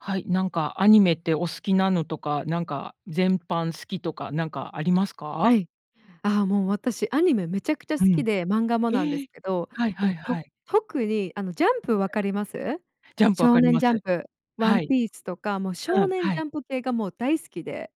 はい。なんかアニメってお好きなのとか、なんか全般好きとか、なんかありますはか？い。ああ、もう私、アニメめちゃくちゃう好きん。で漫画もなんですえ、けど。はいもはいう、はとい。特に、あの、ジャンプ分かります？ジャンプ分少かり年まジす。ャンプ、ワはンい。ピースとか、もうう少ん。年はジャい。ンプ系がもう大好きで、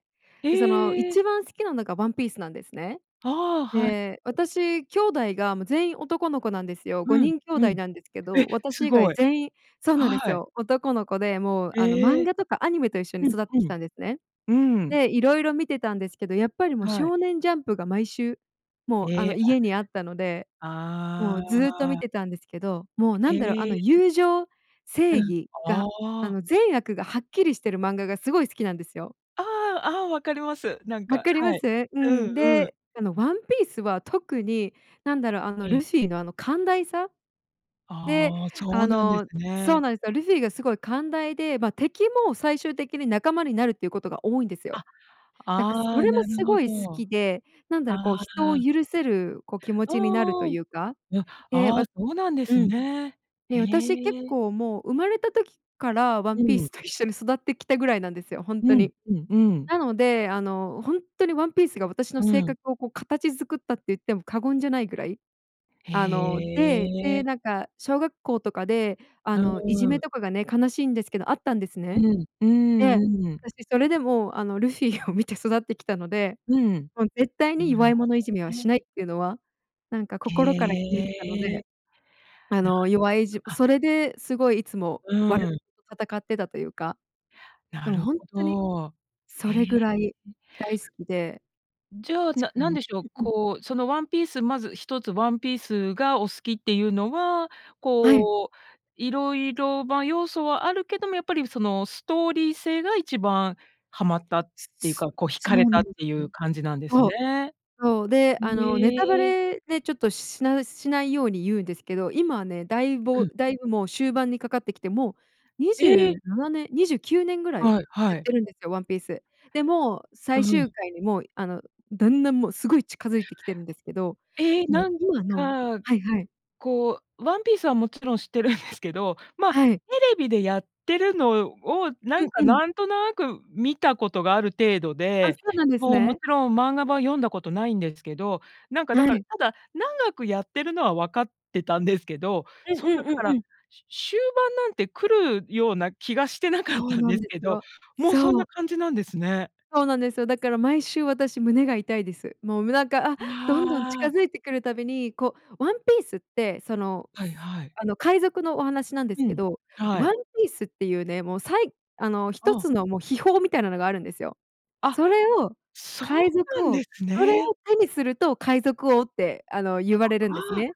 でその、え！一番好きなのがワンピースなんですね。ああ、はい。で、私兄弟がもう全員男の子なんですよ。ごうん、にん兄うん。弟え、なんですけど、私す以ご外い。全員そうなんですはい。よ。男の子でもう、あの、漫え。画とかアニメと一緒にうん、育ってうきん。たんですね。うーん。で、色々見てたんですけど、やっぱりもうはい。少年ジャンプが毎週もう、あえの、え。あ家にあったので、もあうずっと見あ。てたんですけど、もう何だろう、あへのえ。友情、う正ん。義が、あああ。の善悪がはっきりしてる漫画がすごい好きなんですよ。ああ、ああ、分かります。なんか、分かりはまい。す？ううんん。うん。で、あのワンピースは特に何だろう、あのええ。ルフィの、あの寛大さ？で、ああ、そあうなんでの、すそうね。なんすよ、ルフィがすごい寛大で、ま、敵も最終的に仲間になるっていうことが多いんですよ。あ、なんか、あそあ、れもなるすほごい好ど。きで、何だろう、あこう人をあ。許せる、こう、気持あちになるとあ。いうか、や、え、ああ、わそうなんでうすん、ね。へね、私、結え。構もう生まれた時から、ワうンピーん。スと一緒に育ってきたぐらいなんですよ、ほんうとん、に。ううーん。なので、あの、ほんとにワンピースが私のう性ん。格をこう、形作ったって言っても過言じゃないぐらい？へあの、でで、え。なんか小学校とかで、ああ、うの、いじーめん。とかがね、悲しいんですけど、あったんですうね。ん、うーで、ん、うん。私それでも、あのルフィーを見て育ってきたので、うん。もう絶対にな弱るいほ者いじめはどしね。ないっていうのは、なんかへ心から決めてたので。え。あなるの、弱いじほど、あそれですごいいつも、う悪ーん。と戦ってたというか。なでもるほんほとに、ど。そへえ。れぐらい大好きで。じゃ、しなか何もでしょう、ううん。こう、そのワンピース、まず一つ、ワンピースがお好きっていうのは、はい。こう、色々、ま、要素はあるけども、やっぱりそのストーリー性が一番ハマったっすていうすか、こう惹かそれうたなっんでていすうよ。感じなんですそう、ね。そう。で、あん、の、ネえタバえ。レでちょっと、しないしないように言うんですけど、今はね、だいうぼん。だいぶもう終盤にかかってきて、もうにじゅえ！ななねん、29年ぐらいはいやはっい。てるんですよ、ワンピース。で、もう、う最ん。終回に、もう、あの、だんだんもうすごい近づいてきてるんですけど、え、もうなん今のか、はいはい。こう、ワンピースはもちろん知ってるんですけど、まあ、テはい。レビでやってるのを、なうんんか、うん。なんとなく見たことがある程度あ、で、そうなんですもうもね。ちろん、漫画版読んだことないんですけど。なんかだはから、い。ただ長くやってるのは分かってたんですけど、うんそんうんなだうかんうら、ん。しゅ終盤なんて来るような気がしてなかっそうたんなでんすでけすど、よ。もうそんそなう。感じなんですね。そうなんですよ。だから毎週私、胸が痛いです。もう、むなんか、あ、どんどんま近あ。付いてくるたびに、こうワンピースって、その、はいすはい。あの、海賊のお話なんでうすけん、ど、はワい。ンピースっていうね、もうさいあの一あ。つのもう秘宝みたいのがあるんですよ。あ、それをそう海な賊んで王、すそれをね。手にすると海賊王って、あの、言われるんですあね。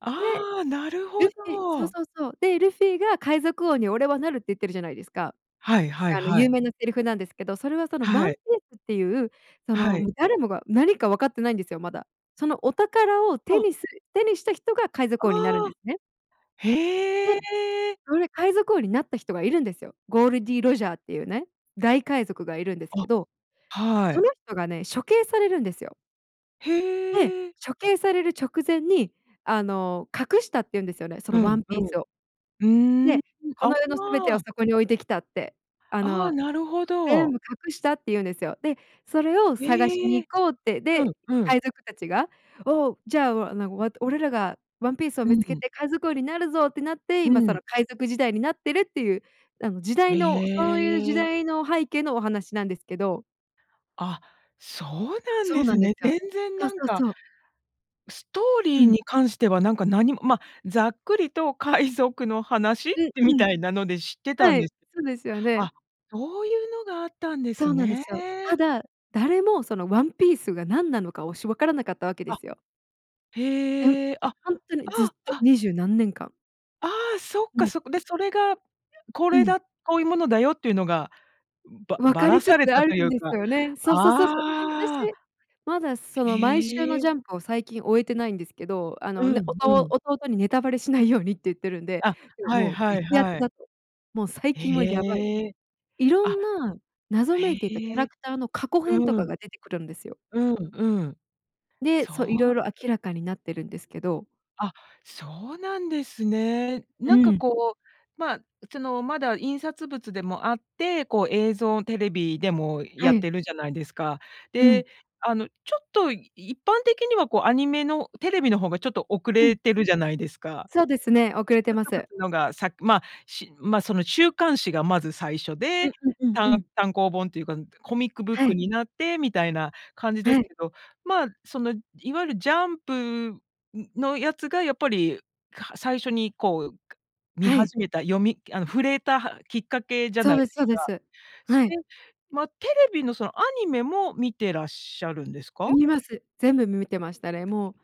あ。で、ああ、なるほルフィそうど。そうそう。で、ルフィが「海賊王に俺はなる！」って言ってるじゃないですか。はいはいあのはい。有名なセリフなんですけど、それはそのワはンピい。ースっていう、そはの、い。もう誰もが何か分かってないんですよ、まだ。そのお宝を手あ。にする手にした人が海あ賊王になるんあ。ですね。で、へえそれ、海賊王になった人がいるんですよ。ゴールディーロジャーっていうね、大海賊がいるんですあ。けど、はそい。の人がね、処刑されるんですよ。で、へえ。処刑される直前に、あの、隠したって言うんですよね、そうのワんンピースを。うん、うーん。で、「こあの世のすべてをあ。そこに置いてきた」って、あああ、の、なるほ全ど。部隠したって言うんですよ。で、それを探しへにえ。行こうって、うん、で、うん。海賊たちが、「おお、じゃあ、わ、なんか、わ、俺らがワンピースをう見つけん。て海賊王になるぞ」ってなって、う今そん。の海賊時代になってるっていう、あの、時代へのそういう時え。代の背景のお話なんですけど。あ、そうなんそでうなすんですね。よ。全然そうなんそうかそう。ストーリうーん。に関してはなんか何もま、ざっくりと海賊の話っうんて、みうん。たいなので知ってたんはでい、す。そうですよね。あ、そういうのがあったんでそすうなんでね。すよ。ただ、誰もそのワンピースが何なのか、おしわからなかったわけであ、すよ。ねむへえ、あ、あほんとにずっあ、と、あ。二十何年間。ああ、そっもかう。そっか、で、それが、こうれん。だ、こういうものだよっていうのが、ば分ばからりつされつたあといるんうでか、すよね。そうそうそうそう。ああ。私、まだ、その、毎週へのえ。ジャンプを最近追えてないんですけど、あうのね、おん、とううん。弟に「ネタバレしないように」って言ってるんで、あ、で、はいもうはい激アツはい。だと。もう最近はやばい。へえ、いろあ、んな謎めいていたキャへラえ。クターの過去う編とかん。が出てくるんですよ。うんうん。で、そそう色う。々明らかになってるんですけど。あ、そうなんですね。うなんかん。こう、まあ、そのまだ印刷物でもあって、こう映像、テレビでもはやっい。てるじゃないですか。うで、ん。あの、ちょっと、い一般的にはこうアニメの、テレビの方がちょっと遅うれん。てるじゃないですか。そうですね、遅れて印ま刷す。物のがさま、し、ま、その週刊誌がまず最初うで、んうんうんうたんん。単行本というか、うん、コミックブッはクい。になってみたいな感じではすい。けど、まあ、その、いわゆるジャンプ、ん、のやつがやっぱり、か、最初にこう、か、見はい。始めた読みあの、触れたはきっかけじゃそないうでですすそうでか。す。そはい。れ、ま、テレビの、そのアニメも観てらっしゃるんですう、か？見ます。全部む、見てましたね。もう、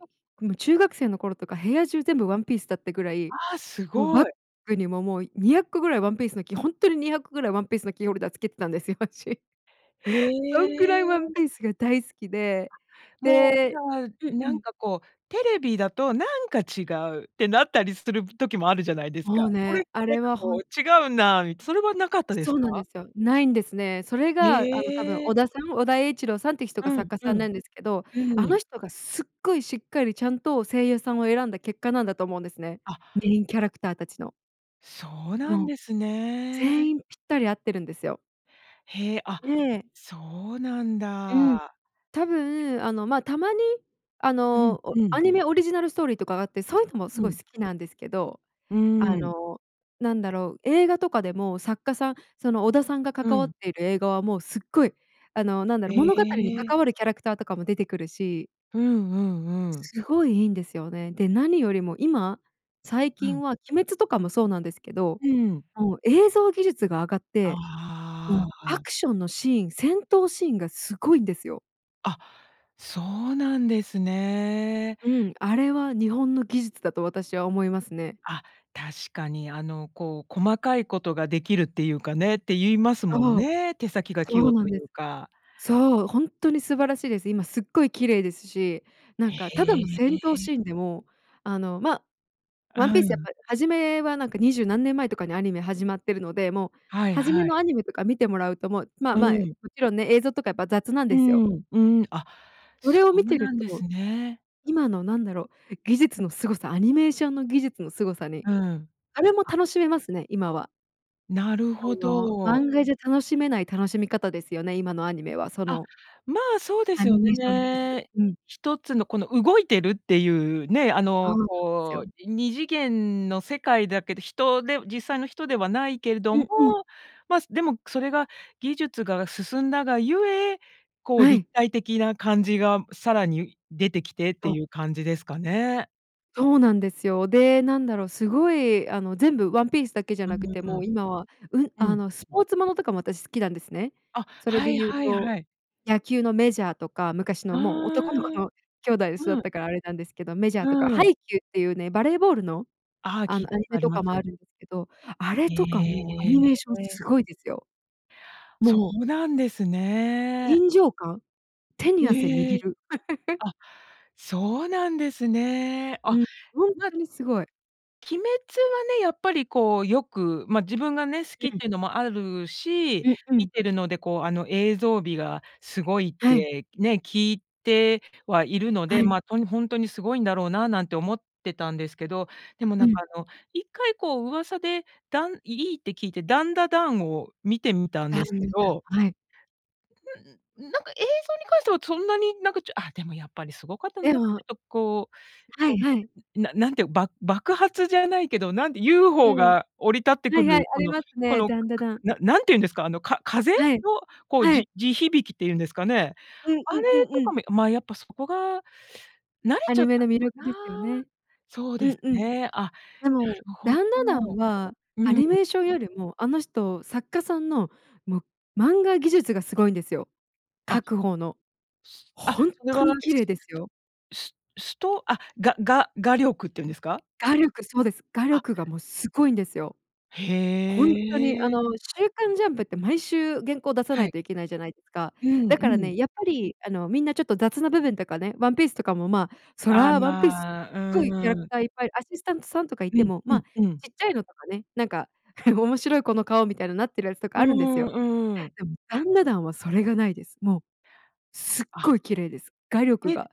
あ。もう中学生の頃とか、部屋中全部ワンピースだったぐらい、ああ、すもうごバッい。グにも、もう200個ぐらいワンピースのきほんとに200個ぐらいワンピースのキーホルダーつけてたんですよ、私。へそんぐらいワンえ。ピースが大好きで、あ、もう、じゃであ、うんうなんん。かこう、「テレビだと、なんか違う」ってなったりする時もあるじゃないですか。もう「これ、ね、あなんれかはほこんう違うな」みそれはなかったですそうか？なんですよ。ないんですね。それへが、あの、多分、え。尾田さん、尾田栄一郎さんっていう人がうん作家うさんなん。んですけど、うあのん。人がすっごいしっかり、ちゃんと声優さんを選んだ結果なんだと思うんですね。あ。メインキャラクターたちの。そうなんもう、ですね。全員ぴったり合ってるんですよ。へえ、あ、ええ。そうなんうん、だ。多分、あの、ま、たまに、あうんの、おうアん。ニメオリジナルストーリーとかがあってそういうのもすうごいん。好きなんですけど、うあん。の、なんだろう、映画とかでも作家さん、その尾田さんがう関わっん。ている映画はもうすっごい、あの、なんだへろ、物語にえ。関わるキャラクターとかも出てくるしうんうんうん。すごいいいんですよね。で、何よりも今、最う近ん。は鬼滅とかもそうなんですけど、うん。もう映像技術が上がって、あもうアあ。クションのシーン、戦闘シーンがすごいんですよ。あ、そうなんですね。うん。あれは、日本の技術だと私は思いますね。あ、確かに、あの、こう細かいことができるっていうかねって言いますもんそう、ね、手先が器そ用うなんといです。うか。そう、ほんとに素晴らしいです。今すっごい綺麗ですし、なんへかただの戦闘シえ。ーンでも、あの、ま、ワあ、ンピーうスやっん。ぱり初めは、なんか、二十何年前とかにアニメ始まってるので、もうはいはじめはい。のアニメとか見てもらうと、もう、ま、うまい、ん。もちろんね、映像とかやっぱ雑なんうーですよ。ん、うん。あ、そそれを見うてるなんでと、すね。今の何だろう、技術のすごさ、アニメーションの技術のすごさに、うん。あれも、あ。楽しめますね、今は。なるあほの、ど。漫画じゃ楽しめない楽しみ方ですよね。今のアニメは、そあ、のまあ、そうでアすよニメーションぎす。ね。うん。一つのこの動いてるっていうね、あその、うなんすこう、よ。い二次元の世界だけど、人で実際の人ではないけれどうも、んうん。ます、でも、くそれが技術が進んだがゆえ、こうは立い。体的な感じがさらに出てきてってそう。いう感じですかね？そうなんですよ。で、なんだろう、すごい、あの、全部ワンピースだけじゃうーなくてもん、う今は、うん、うん。あうん。の、スポ [unintelligible] ーツものとかも私好きなんですね。あ、それはでい言うはいと、はい。野球のメジャーとか、昔あのもうあ。男の子の兄弟で育っうん。たからあれなんですけど、メジャーうとかハん。イキュー！！ていうね、バレーボールの？ああ、あ聞いの、たアこニとあメりとまかもあす。るけど、あれへとかもアニメーションえ。すごいですよ。そもううなんですね。臨場感？手に汗へ握え。る。あ、そうなんですね。うあ、ん、ほんまとにすごい。鬼滅はね、やっぱりこうよく、ま、自分がね、好きっうん。ていうのもあるし、う、う見ん。てるのでこう、あの映像美がすごいっはい。て、ね、聞いてはいるので、はい。ま、とに「ほんとにすごいんだろうな」なんて思ってたんですけど、でもうなんか、ん。あの、一回こう噂で、だんいいいって聞いて、ダンダダンを見てみた [unintelligible] んですけじゃ、どはい。うん、なんか映像に関しては、そんなになんかちょあ、でもやっぱりすごかった、なんえかちもょっとこうはいこはい。う、な何てう、ば爆発じゃないけど、なんでユーうホん。ー降り立ってはくいはい、る、あこりのますこね、のダンダダン。な何て言うんですか、あの、か風？はい、のこう、はい。じ地響きって言うんですかね？うんあうれんうんとうかん。も、ま、やっぱそこが慣れアちゃっニメのた魅力のかでな。すよね。そううですんうん。ね。あ、なでもるほど。ダンダダンは、うアん。ニメーションよりもあの人、作家さんのもう漫画技術がすごいんですよ、描あく方の。すあ、ホンそれトは、に [unintelligible] 綺麗ですよ。すすとあ、がが画力っていうんですか？画力、そうです。画あ。力がもうすごいんですよ。へほんとにあえ。の、週刊ジャンプって毎週原稿出さなはいい。といけないじゃないですか。うんだうからん。ね、やっぱりあの、みんなちょっと雑な部分とかね、ワンピースとかも、ま、そあ、らワンピースっま、ごいキャうラクん。ターいっぱい、アシスタントさんとかいうてんも、うま、んうん。ちっちゃいのとかね、なんか 面白いこの顔みたいななってるやつとかうーあるんですよ。ん、うん。でもダンダダンはそれがないです。もう。すっあ。ごい綺麗です、画力えが。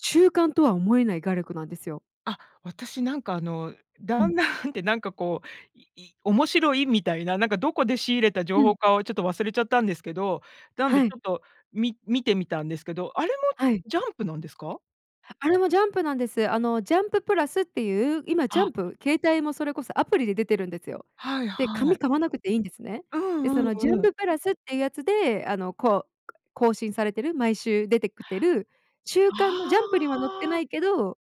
中間とは思えない画力なんですよ。あ、私なんかあの、うダん。ンダンってなんかこう、いい面白いみたいな、なんかどこで仕入れた情う報ん。かをちょっと忘れちゃったんですけど、なんではちい。ょっとみ見てみたんですけど、あれもはい。ジャンプなんですか？あれもジャンプなんです。あのジャンププラスっていう、今ジャあ。ンプ、携帯もそれこそアプリで出てるんですよ。はいで、はい。紙買わなくていいんですね。うで、んうそんのジュンうん。ププラスっていうやつで、あの、こう更新されてる、毎週出てくてる週刊のジャンプあには載ってなあ。いけど、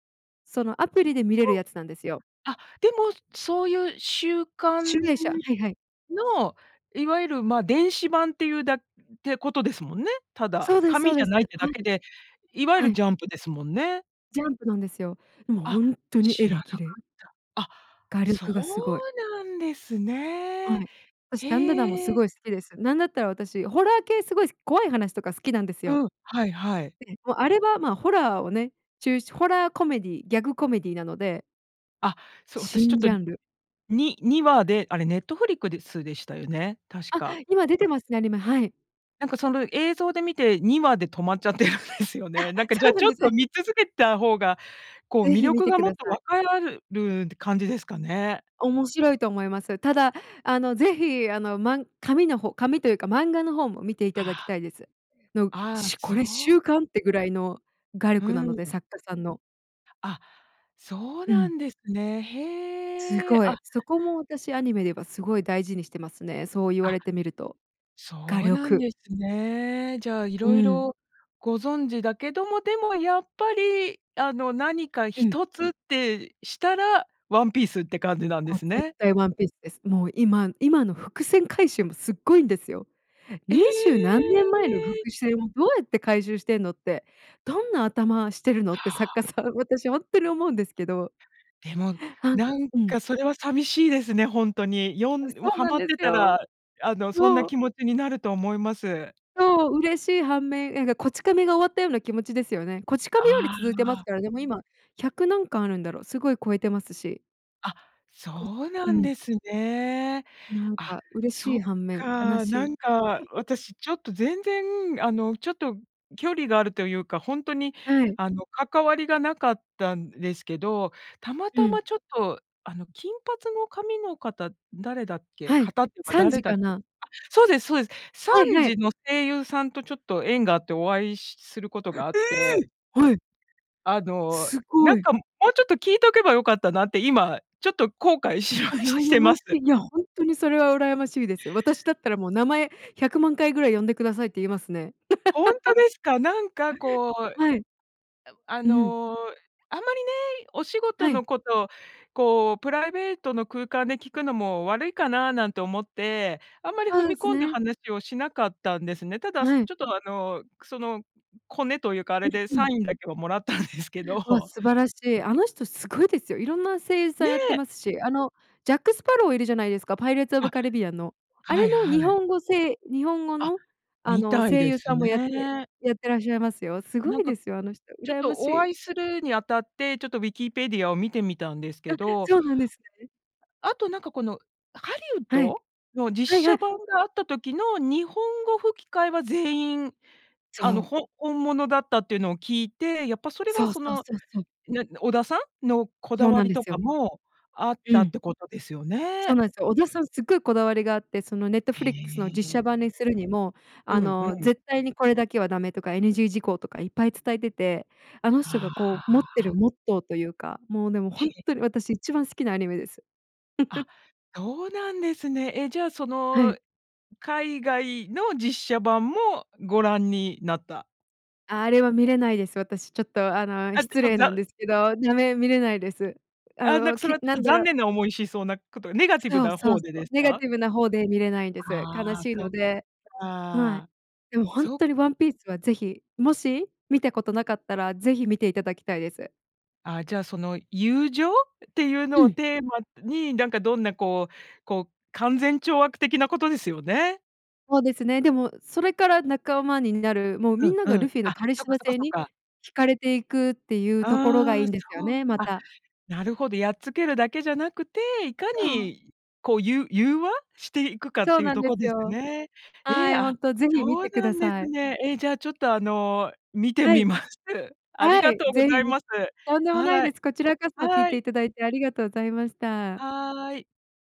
そのアそう。プリで見れる [unintelligible] やつなんですよ。あ、でもそういう週集刊英社、はいはい。の、いわゆる、ま、電子版っていうだてことですもんね。ただ。そうですそ紙うじでゃす。ないってはだけい。で、いわゆはるジい。ャンプですもんね。ジャンプなんですよ。もうあ、本当に知絵らがなか綺っ麗。た。あ、画そう力がすごい。なんですはね。い。私、ダンダダンもへすえ。ごい好きです。なんだったら私ホラー系すごいす怖い話とか好きなんですよ。うん、はいはい。で、あれは、ま、ホラーをね、ちゅうしホラーコメディー、ギャグコメディーなので。あ、そう。私ちょっ新と、ジャンル。に2話であれネットフリックスですでしたよね、確あ、か。今出てますね、アニメ。はい。なんか、その映像で見て、2話で止まっちゃってるんですよあ、ね。なんか、じゃそあうなちんょっですとね。見続けた方が、こうぜ魅ひ見力てがくもっだとさい。分かる感じですかね。面白いと思います。ただ、あの是非、あの、まん紙の方紙というか漫画の方も見ていたあだきあ。たいです。のああ、しゅこそれう。週刊ってぐらいの画う力なのでん。作家さんの。あ、そううなん。んですね。すへえ。ごい。あ。そこも私、アニメではすごい大事にしてますね。そう言わあ。れてみると。画そうなん力。ですね。じゃあ、う色ん。々ご存知だけども、でもやっぱり、あの、何かうん。一つってしたら、ワンピースって感じなんでもうす絶ね。対ワンピースです。もう今今の伏線回収も、すっごいんですよ。え！二十何年前の伏線をどうやって回収してんのって。どんな頭してるのっては作家あ。さん。私ほんっとに思うんですけど。でも、あんなんうん。かそれは寂しいですね、ほんとに。よあ、んそもううハなんマっでてすたよ。ら、あの、そんなそう。気持ちになると思います。そう。嬉しい反面、えんか、こち亀めが終わったような気持ちですよね。こち亀あめより続いてますあ。から、でも今、百何巻あるんだろう？すごい超えてますし。あ、こんそうなうんん。ですね。なんあ、か嬉しそっい反面、悲か。しない。んか 私ちょっと全然、あの、ちょっと距離があるというか、ほんとに、はい。あの、関わりがなかったんですけど、たまうたん。まちょっと、あの、金髪の髪の方、誰だっけ？はい、方っていうかサン誰ジだあ、かな？そうですそうです。サはいンはジい。の声優さんとちょっと縁があって、お会いしすることがあっえて。え！はい。あの、すなごんい。か、もうちょっと聞いとけば良かったなって、今ちょっと後うわ、悔しまし羨てまましす。い。いや、ほんとにそれは羨ましいですよ。私だったらもう名前、100万回ぐらい呼んでくださいって言いますね。ほんと ですか？なんかこう、はい。あうん。の、あんまりね、お仕事はい。のこと、こうプライベートの空間で聞くのも悪いかな、なんて思って、あんまりそ踏うでみす込んだね。話をしなかったんですね。ただすはい。ちょっと、あの、くそのコネというか、あうれで、んうサん。インだけはもらったんですけどうわ、ほ。素晴らしい。あの人すごいですよ。いろんな声優さねんやってえ。ますし。あの、ジャックスパロウいるじゃないですか、パイレーツオあ、ブカリビアンの。あはれい、のは日い。本語せ日本語あ、の、あみの、たい声で優すさんもやってね。やってらっしゃいますよ。すごなんいか、ですよ、あの人。ちょっ羨まとしおい。会いするにあたって、ちょっとウィキペディアを見てみたんですあ、けど。そうなんですね。あと、なんかこの、ハリウッはい。ド？の実はいは写い。版があった時の日本語吹き替えは全員、そあの、う。ほ本物だったっていうのを聞いて、やっぱそれはそうそそうの、そうそう。なん尾田さん？のこだそうわなんりでとすかよ。もあっうたっん。てことですよそうね。なんすよ。尾田さんすっごいこだわりがあって。そのネットフリックスへの実写え。版にするにも、うあん、うの、ん。絶対にこれだけはダメとか、NG 事項とかいっぱい伝えてて。あの人はがこう、持ってるあ。モットーというか。もう、でも、へほんえ。とに私、一番好きなアニメです。あ、そうなんですね。え、じゃあ、そはの、い。海外の実写版もご覧になった？あ、あれは観れないです。私ちょっと、あの、あ、で失も、礼だなんうですけど。だめ、観れないです。ああ、なんか、の、それきはちょなっと、んだ残ろう。念な思いしそうなこと、ネガティブそうなそう方でそでう。すネガか？ティブな方で観れないんです。悲ああ、しいそのっで。はい。か。でもほんそっとにワンピースは是非、もし観たことなかったら、是非観ていただきたいです。あ、じゃあ、その友情？っていううのをん。テーマに、なんか、どんな、こうこう勧善懲悪的なことですよね？ほうですね。でも、それから仲間になる、もううみん、んなうが、ん。ルフィのあ、カリそっスか、マそか性そにか。惹かれていく、っていうところがあいあ、いんですよそう。ね、まあ、た。なるほど。やっつけるだけじゃなくて、いかそう。にこう、ゆ融和？していくかっそうていうなんとでこですすよ。ね。えはえ、い、ほあ、んと、是非観そうてくなだんでさすい。ね。え、じゃあ、ちょっと、あの、観てはみい。ます。あはりがい。とうご是ざ非いみます。とんでもないはい。です。こちらこそ聞いはてい。いただいて、ありがとうございました。はい。